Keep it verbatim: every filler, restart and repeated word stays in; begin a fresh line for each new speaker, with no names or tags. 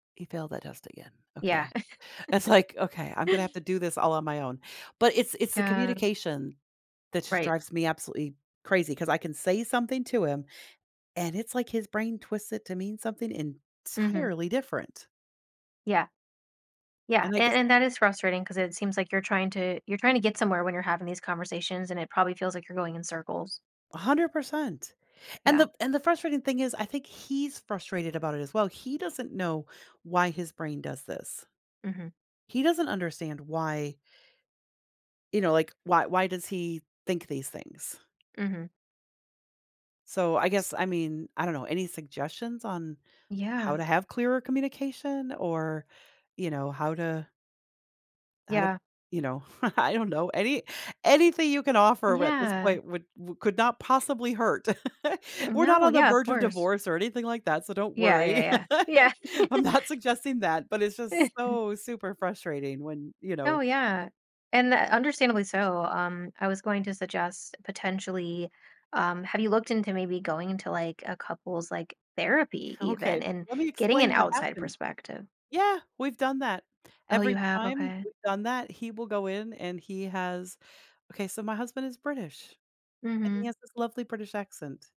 He failed that test again
Yeah.
okay. It's like, okay, I'm gonna have to do this all on my own, but it's it's the
Yeah.
communication that just
Right.
drives me absolutely crazy 'cause I can say something to him, and it's, like, his brain twisted to mean something
Mhm.
entirely different.
Yeah. Yeah,
And I
and
guess
and that is frustrating 'cause it seems like you're trying to you're trying to get somewhere when you're having these conversations, and it probably feels like you're going in circles.
a hundred percent. And
Yeah.
the and the frustrating thing is I think he's frustrated about it as well, he doesn't know why his brain does this.
Mhm.
He doesn't understand why you know, like, why why does he think these things.
Mhm.
So, I guess I mean, I don't know, any suggestions on how
Yeah.
to have clearer communication? Or, you know, how to how to,
Yeah.
you know, I don't know, any anything you can offer r at this
Yeah.
point w would could not possibly hurt. We're not
No,
on the
yeah, of
verge of
course.
divorce or anything like that, so don't
Yeah,
worry.
yeah, yeah, yeah.
I'm not suggesting that, but it's just so super frustrating when, you
Oh,
know
yeah, and, uh, understandably so, um, I was going to suggest potentially, um have you looked into maybe going into, like, a couple's, like, therapy
Okay.
even and
Let me
getting an
explain what
outside
happened.
perspective?
Yeah, we've done that.
Oh,
Every
you have?
time
Okay.
we've done that, he will go in and he has Okay, so my husband is British, and he
Mhm.
has this lovely British accent.